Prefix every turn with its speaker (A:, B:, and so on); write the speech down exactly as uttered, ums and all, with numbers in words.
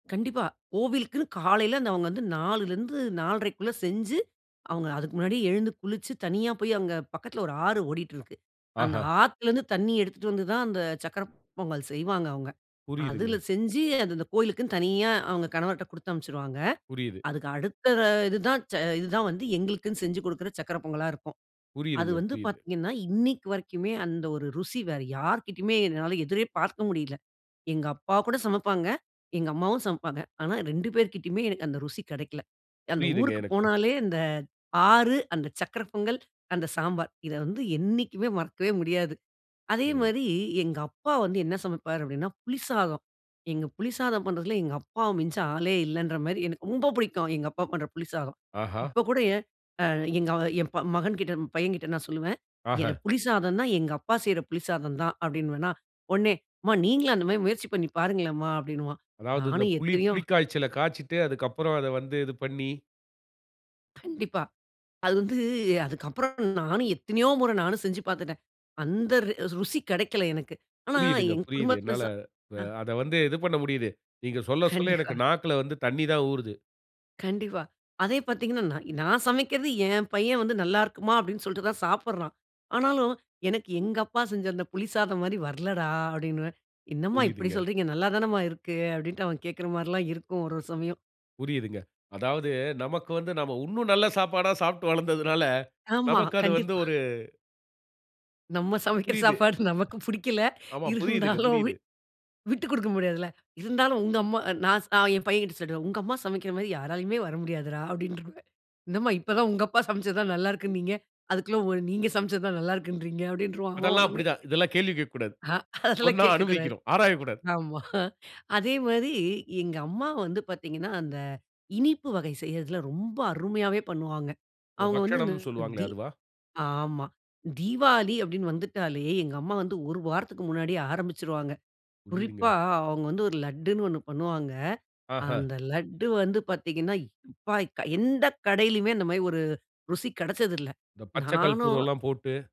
A: கண்டிப்பா. கோவிலுக்குன்னு காலையில அந்தவங்க வந்து நாலுலிருந்து நால்றைக்குள்ள செஞ்சு, அவங்க அதுக்கு முன்னாடியே எழுந்து குளிச்சு தனியா போய் அங்க பக்கத்தில ஒரு ஆறு ஓடிட்டிருக்கு. அந்த
B: ஆஹா!
A: ஆத்திலிருந்து தண்ணிய எடுத்துட்டு வந்து தான் அந்த சர்க்கர பொங்கல் செய்வாங்க அவங்க. அதுல
B: புரியுதுங்க.
A: செஞ்சு அந்த அந்த கோவிலுக்குனு தனியா, அவங்க கணவர்ட குடுத்து அனுப்பிச்சிருவாங்க.
B: புரியுது.
A: அதுக்கு அடுத்த இதுதான் ச இதுதான் வந்து எங்களுக்குன்னு செஞ்சு குடுக்கிற சர்க்கர பொங்கலா இருக்கும். அது
B: புரியுதுங்க,
A: வந்து
B: புரியுது.
A: பார்த்தீங்கன்னா, இன்னைக்கு வரைக்குமே அந்த ஒரு ருசி வேற யார்கிட்டயுமே என்னால எதிரே பார்க்க முடியல. எங்க அப்பா கூட சமப்பாங்க, எங்க அம்மாவும் சமப்பாங்க. ஆனா, ரெண்டு பேர்கிட்டயுமே எனக்கு அந்த ருசி கெடைக்கல. அந்த
B: புரியுதுங்க,
A: ஊருக்கு
B: எனக்கு.
A: போனாலே அந்த ஆறு, அந்த சர்க்கர பொங்கல், அந்த சாம்பார் இத வந்து என்னைக்குமே மறக்கவே முடியாது. அதே
B: இங்க.
A: மாரி எங்கப்பா வந்து என்ன சமைப்பார் அப்படினா புளி சாதம். எங்க புளி சாதம் பண்றதில எங்கப்பாவ மிஞ்ச ஆளே இல்லன்ற மாரி, எனக்கு ரொம்ப பிடிக்கும் எங்கப்பா பண்ற புளி சாதம்.
B: ஆஹா!
A: இப்ப கூட அ எங்க என் மகன்கிட்ட பையங்கிட்ட நான் சொல்லுவே எனக்கு
B: ஆஹ!
A: புளி சாதம்னா எங்கப்பா செய்ற புளி சாதம் தான் அப்படினுவேனா. உடனே அம்மா நீங்களும் அந்த மாரி முயற்சி பண்ணி பாருங்களேன்மா அப்படினுவான்.
B: அதாவது இந்த
A: நானும்
B: புளி,
A: எத்தனையோ
B: புளி காய்ச்சல காய்ச்சிட்டு அதுக்கப்புறம் அத வந்து இது பண்ணி.
A: கண்டிப்பா. அது வந்து அதுக்கப்புறம் நானும் எத்தனையோ முற நானும் செஞ்சு பார்த்துட்டேன். அந்த ரெ ருசி கெடைக்கல எனக்கு. ஆனா
B: புரியுதுங்க,
A: என்
B: புரியுது.
A: குடும்பத்தில
B: என்னால
A: ச
B: ப
A: அ.
B: அத வந்து இது பண்ண முடியுது. நீங்க சொல்ல, சொல்ல
A: கண்டிப்பா.
B: எனக்கு நாக்குல வந்து தண்ணி தான் ஊறுது.
A: கண்டிப்பா. அதே பார்த்தீங்கனா, நா நான் சமைக்கிறது என் பையன் வந்து நல்லா இருக்கும்மா அப்படினு சொல்லிட்டு தான் சாப்பிட்றான். ஆனாலும் எனக்கு எங்கப்பா செஞ்ச புளி சாதம் மாரி வரலடா அப்படினுவேன். என்ன அம்மா இப்படி
B: புரியுதுங்க.
A: சொல்றீங்க, நல்லா தானம்மா இருக்கு, அப்படினு அவன் கேட்கிற மாதிரில்லா இருக்கும் ஒரு ஒரு சமயம்.
B: புரியுதுங்க. அதாவது நமக்கு வந்து நாம உன்னும் நல்ல சாப்பாடா சாப்ட்டு வளர்ந்ததனால,
A: ஆமா.
B: நமக்கு அது வந்து
A: கண்டிப்பா.
B: ஒரு
A: நம்ம சமைக்கிற
B: புரியுது.
A: சாப்பாடு நமக்கு புடிக்கல.
B: ஆமா. புரியுதுங்க,
A: இருந்தாலும்
B: புரியுது.
A: விட் விட்டுக் குடுக்க முடியாதுல்ல. இருந்தாலும் உங்க அம்மா, நான் ச என் பையங்கிட்ட சொல்லிடுவேன். உங்கம்மா சமைக்கிற மாதிரி யாராலுமே வர முடியாதுடா அப்படின்றுவே. என்னம்மா இப்ப தான் உங்கப்பா சமச்சது தான் நல்லா இருக்குனீங்க. அதுக்குள்ள நீங்க சமச்சது தான் நல்லா இருக்குன்றீங்க அப்படின்றுவா அவன்
B: அதெல்லாம்
A: உடனே.
B: அப்படிதான். இதெல்லாம் கேள்வி கேட்கக்கூடாது.
A: அ, அதெல்லாம்
B: சொன்னா
A: கேட்கக்கூடாது.
B: அனுபவிக்கணும். ஆராய கூடாது.
A: ஆமா. அதே மாரி எங்கம்மா வந்து பார்த்தீங்கன்னா, அந்த இனிப்பு வகை செய்றதில ரொம்ப அருமையாவே பண்ணுவாங்க.
B: இந்த
A: அவங்க வந்து இந்த
B: பக்ஷணம்னு சொல்வாங்களே
A: தீ
B: அதுவா?
A: ஆமா. தீவாளி அப்டின்னு வந்துட்டாலே எங்கம்மா வந்து ஒரு வாரத்துக்கு முன்னாடியே ஆரம்பிச்சுருவாங்க.
B: புரியுதுங்க.
A: குறிப்பா அவங்க வந்து ஒரு லட்டுன்னு ஒண்ணு பண்ணுவாங்க.
B: ஆஹ.
A: அந்த லட்டு வந்து பார்த்தீங்கன்னா, எப்பா! எந்த கடையிலயுமே அந்த மாரி ஒரு ருசி கெடச்சதில்ல.
B: இந்த பச்சை
A: நானும்
B: கல்பூரேல்லாம் போட்டு.